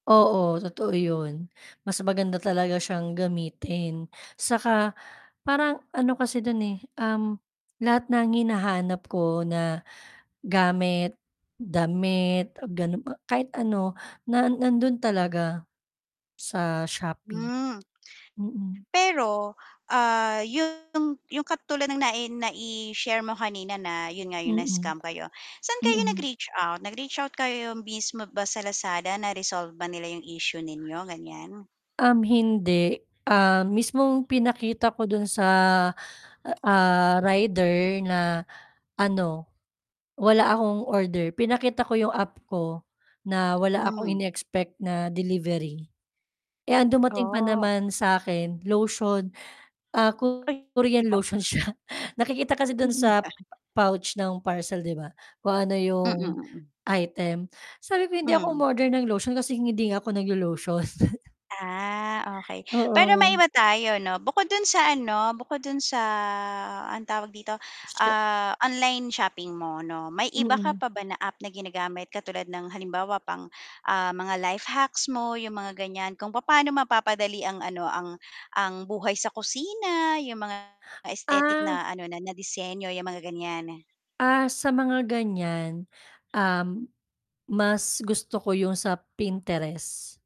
Oo, totoo yun. Mas maganda talaga siyang gamitin 'saka, parang ano kasi do'n, eh, uhm, lahat ng hinahanap ko na gamit, damit, gano a kahit ano na nandoon talaga, sa Shopee. Hmm. Mm. Pero, ah, yung yung katulad ng nai nai-share mo kanina na yun nga yung Mm. na-scam kayo. Saan kayo Mm. nag-reach out? Nag-reach out kayo mismo ba sa Lazada? Na-resolve ba nila yung issue ninyo, gan'yan? Uhm, hindi, ah, mismong pinakita ko dun sa, ah, rider, na ano, wala akong order pinakita ko yung app ko na wala akong Hmm. ine-expect na delivery. Eh, ang dumating pa Bo naman sa akin lotion, ah, Ay, Korean ikaw. lotion siya, nakikita kasi do'n Mm, sa pa pouch ng parcel, 'di ba? Kung ano Mm, 'yong mm. item, sabi ko, hindi ako Mhm. um-order ng lotion kasi hindi nga ako nag-lo-lotion. Ah, okey. Pero Oo. maiba tayo 'no, bukod dun sa ano bukod dun sa, ano tawag dito, Sye ah, online shopping mo 'no, may iba ka Mm. pa ba na app na ginagamit katulad ng halimbawa pang, ah, mga life hacks mo yung mga gan'yan, kung papano mapapadali ang ano ang ang buhay sa kusina, yung mga aesthetic Ah. na ano na na disenyo yung mga gan'yan. Ah, sa mga gan'yan, uhm, mas gusto ko yung sa Pinterest.